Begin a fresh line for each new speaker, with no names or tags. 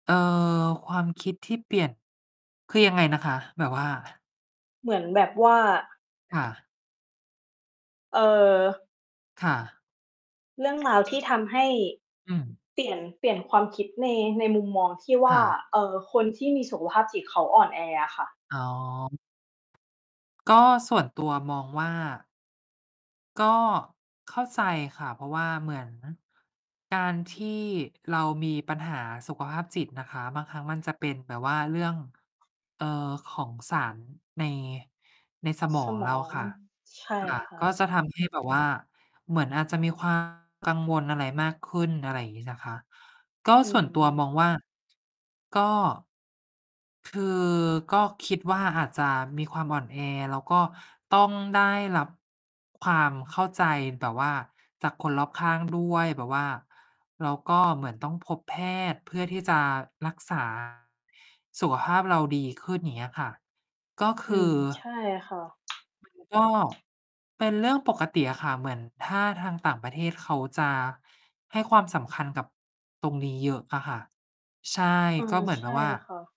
เอ่อ ความคิดที่เปลี่ยน คือยังไงนะคะ? แบบว่า
เหมือนแบบว่า
ค่ะ
เออ
ค่ะ
เรื่อง ราวที่ทำให้
อืม
เปลี่ยน เปลี่ยนความคิดใน ในมุมมองที่ว
ค
่
่
า
ะ
เอ่อ คนที่มีสุขภาพจิตเขาอ่อนแออะค่ะ
อ๋อ ก็ส่วน ตัวมองว่า ก็ เข้าใจค่ะ เพราะว่าเหมือน การที่เรามีปัญหาสุขภาพจิตนะคะ บางครั้งมันจะเป็นแบบว่าเรื่อง เอ่อ ของสารใน ในสม
ส
อง
ม
เรา
อง
ค่ะ
ใช่
ค่ะ
ค่
ก็
ะ
จะทำให้ แบบว่า เหมือน อาจจะมี ความ กังวลอะไรมากขึ้น อะไรอย่างงี้นะคะ ก็
อื
ส่วนตัวม
ม
องว่า ก็ คือ ก็คิดว่าอาจจะมีความอ่อนแอ แล้วก็ต้องได้รับ ความเข้าใจแบบว่าจากคนรอบข้าง ด้วย แบบว่า แล้วก็เหมือนต้องพบแพทย์เพื่อที่จะ รัก ษา สุขภาพเราดีขึ้น อย่างเงี้ยค่ะ ก็ค
อื
ื
ม
อ
ใช่ค่ะ
มัน ก็ เป็นเรื่องปกติอะค่ะ เหมือน ถ้าทางต่างประเทศเขาจะ ให้ความสำคัญกับ ตรงนี้เยอะอะค่ะ ใช่
อา
ก็เหมือ
ใ
น
ช
แบ
่
บว่า
ค่ะ